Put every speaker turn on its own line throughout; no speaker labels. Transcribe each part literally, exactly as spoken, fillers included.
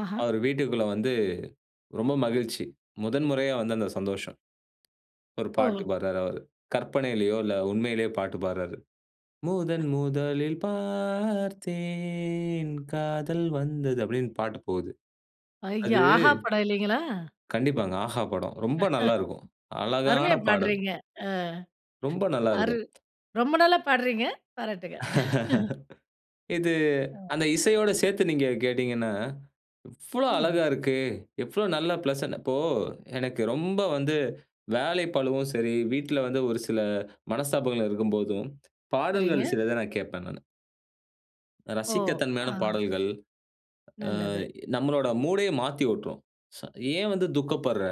ஆஹா!
அவரு வீட்டுக்குள்ள வந்து ரொம்ப மகிழ்ச்சி! முதன் முறையா வந்த அந்த சந்தோஷம். ஒரு பாட்டு
ஓ!
பாடுறாரு அவரு. கற்பனையிலேயோ இல்ல உண்மையிலேயே பாட்டு பாடுறாரு. முதன் முதலில் பார்த்தேன், காதல் வந்தது அப்படின்னு பாட்டு போகுது. அது
ஐயா! ஆஹா படம் இல்லைங்களா?
கண்டிப்பாங்க. ஆஹா படம். ரொம்ப நல்லா இருக்கும். அழகான
அருமையா
பாடல்.
பாடுறீங்க. ஆ.
ரொம்ப நல்லா
அரு
இருக்கும்.
ரொம்ப நல்லா பாடுறீங்க, பாராட்டுக்கள்.
இது
ம்.
அந்த இசையோடு சேர்த்து நீங்க கேட்டீங்கனா, எவ்வளவு அழகா
ம்.
இருக்கு! எவ்வளவு நல்ல பிளசன்ட் இப்போ எனக்கு ரொம்ப வந்து வேலை பழுவும் சரி, வீட்டில வந்து ஒரு சில மனஸ்தாபங்கள் இருக்கும்போதும்,
சரிங்க.
பாடல்கள் சிலத நான் கேட்பேன் நானு.
ஒ!
ரசிக்க தன்மையான
ஆ.
பாடல்கள், ஆ
நல்லது.
நம்மளோட மூடயே மாத்தி உட்டுரும். ச ஏன் வந்து துக்கப்படுற?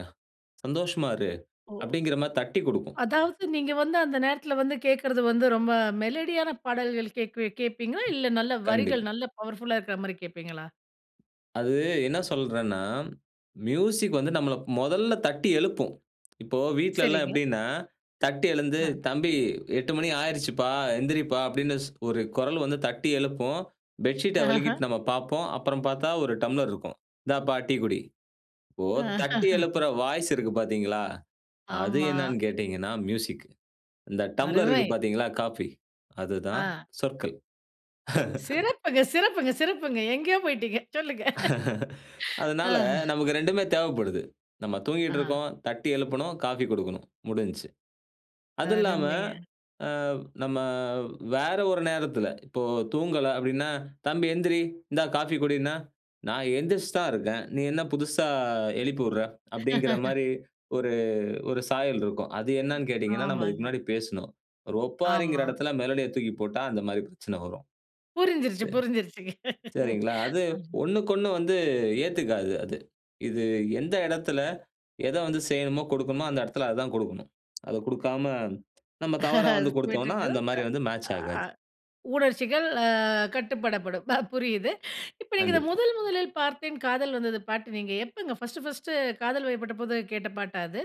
சந்தோஷமா இரு!
ஓ!
அப்படிங்கிற மாரி தட்டிக் குடுக்கும்.
அதாவது நீங்க வந்து அந்த நேரத்துல வந்து கேட்கிறது வந்து, ரொம்ப மெலடியான பாடல்கள் கேட்க கேட்பீங்களா? இல்ல நல்ல வரிகள்
கண்டிப்பா.
நல்ல பவர்ஃபுல்லா இருக்கிற மாரி கேட்பீங்களா?
அது என்ன சொல்றேன்னா, மியூசிக் வந்து நம்மள முதல்ல தட்டி எழுப்பும். இப்போ வீட்டில எல்லாம்
சரிங்க.
எப்படின்னா, தட்டி எழுந்து,
அ.
தம்பி எட்டு மணி ஆகிருச்சுப்பா, எந்திரிப்பா அப்படின்னு ஸ் ஒரு குரல் வந்து தட்டி எழுப்பும், பெட்ஷீட் வெலக்கிட்டு நம்ம பார்ப்போம். அப்புறம் பார்த்தா ஒரு டம்ளர் இருக்கும். "இந்தாப்பா, டீ குடி." இப்போ தட்டி எழுப்புற வாய்ஸ் இருக்கு பார்த்தீங்களா, அது
ஆமா.
என்னன்னு கேட்டீங்கன்னா மியூசிக் இந்த டம்ப்ளர் இருக்கு
அருமை.
பார்த்தீங்களா காஃபி, அதுதான்
ஆ.
சொற்கள்.
சிறப்புங்க சிறப்புங்க சிறப்புங்க. எங்கேயோ போய்ட்டீங்க. சொல்லுங்க. ஆ.
அதனால, நமக்கு ரெண்டுமே தேவப்படுது. நம்ம தூங்கிட்டு
ஆ.
இருக்கோம், தட்டி எழுப்பணும், காஃபி குடுக்கணும் முடிஞ்சிச்சு. அது இல்லாம
அருமைங்க.
ஆ நம்ம வேற ஒரு நேரத்தில, இப்போ தூங்கல அப்படின்னா, தம்பி எந்திரி இந்தா காஃபி குடின்னா, நான் எழுந்திரிச்சி தான் இருக்கேன். நீ என்ன புதுசா எழுப்பி விடுற? அப்படிங்கிற மாரி ஒரு ஒரு சாயல் இருக்கும். அது என்னன்னு கேட்டீங்கனா, நம்ம இதுக்கு
ஆமாங்க.
முன்னாடி பேசினோம். ஒரு ஒப்பாரிகிற
ஆமா.
இடத்தில, மெலடிய தூக்கி போட்டா அந்த மாரி பிரச்சன வரும்.
புரிஞ்சிருச்சு
இது
புரிஞ்சிருச்சுங்க.
சரிங்களா, அது ஒண்ணுக்கொண்ணு வந்து ஏத்துக்காது அது. இது எந்த இடத்துல, எத வந்து செய்யணுமோ கொடுக்கணுமோ அந்த இடத்துல அத தான் கொடுக்கணும். அத குடுக்காம, நம்ம தவறா வந்து
அது போயிட்டு
குடுத்தோம்னா
இருக்குது.
அந்த மாரி வந்து மேட்ச் ஆகாது.
உணர்ச்சிகள் அ கட்டுப்படப்படும், ப புரியுது. இப்போ நீங்க இதை
கண்டிப்பா.
முதல் முதலில் பார்த்தேன் காதல் வந்தது பாட்டு நீங்க எப்போங்க ஃபர்ஸ்ட்டு ஃபர்ஸ்ட்டு காதல் வயப்பட்டபோது கேட்ட பாட்டா அது?